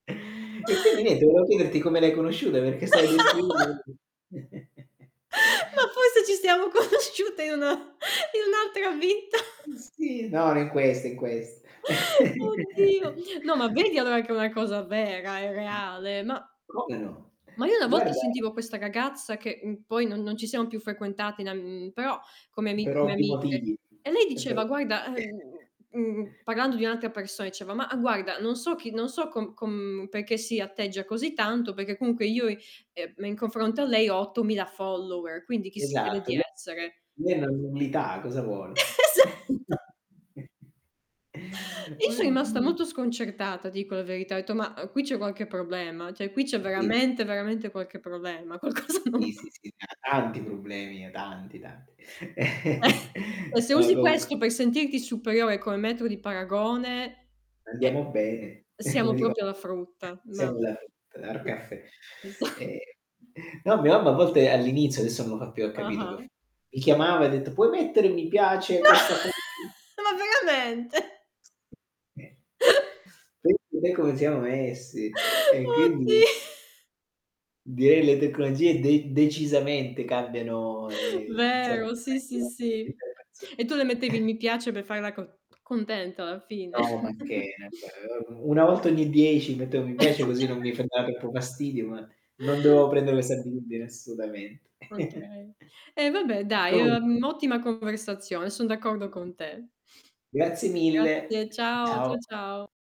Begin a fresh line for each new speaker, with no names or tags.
E quindi niente volevo chiederti come le hai conosciute, perché stai descrivendo
Ma forse ci stiamo conosciute in una in un'altra vita.
Mh, sì. No, no, in questo, in quest
Oddio, no, ma vedi allora che è una cosa vera, è reale, ma
Ma come no?
ma io una volta
Guarda
sentivo questa ragazza, che, mhmm, poi non non ci siamo più frequentate in am mhmm, però come ami
Per
come
ovvi
amiche
motivi.
e lei
E per
diceva: "Guarda ehm" Mhmm, parlando di un'altra persona diceva: "Mah guarda, non so chi, non so com com perché si atteggia così tanto, perché comunque io, ehm, in confronto a lei ho 8000 followers, quindi chi si crede
Esatto,
di
le
essere?"
l lei è una nullità cosa vuole?
Esatto. I so' rimasta
Oddi
molto sconcertata dico la verità, ho etto: "Ma, uhm, qui c'è qualche problema, cioè qui c'è
Sì.
veramente, veramente qualche problema, qualcosa non
Sì, sì,
va."
sì, da tanti problemi, tanti, tanti.
E se
No
usi
comunq
questo per sentirti superiore come metro di paragone, eh,
"Andiamo bene",
siamo
come dico
proprio alla frutta, mah
siamo alla frutta, [unintelligible]
Sì,
Cafe.
esa
Ehm, no, mia mamma a volte all'inizio, adesso non lo fa più, ha capito per f
Ah-ah.
mi chiamava e ha detto: "Puoi mettere mi piace a questa foto?"
Ma ma veramente?
[unintelligible] Pensa te come siamo messi, e quindi
Oddi
direi le tecnologie de decisamente cambiano, ehm, insomma
Vero sì, sì, sì.
[unintelligible]
E tu le mettevi i mi piace per farla co contenta, alla fine?
No, macché, ehm, 1 volta ogni 10 mettevo mi piace, così non mi [unintelligible] troppo fastidio, ma non dovevo prendere questa abitudine assolutamente.
Okay. E vabbè dai,
Comunque
ehm, ottima conversazione, son d'accordo con te.
Grazie mille.
Grazie, ciao,
Ciao.
cia ciao.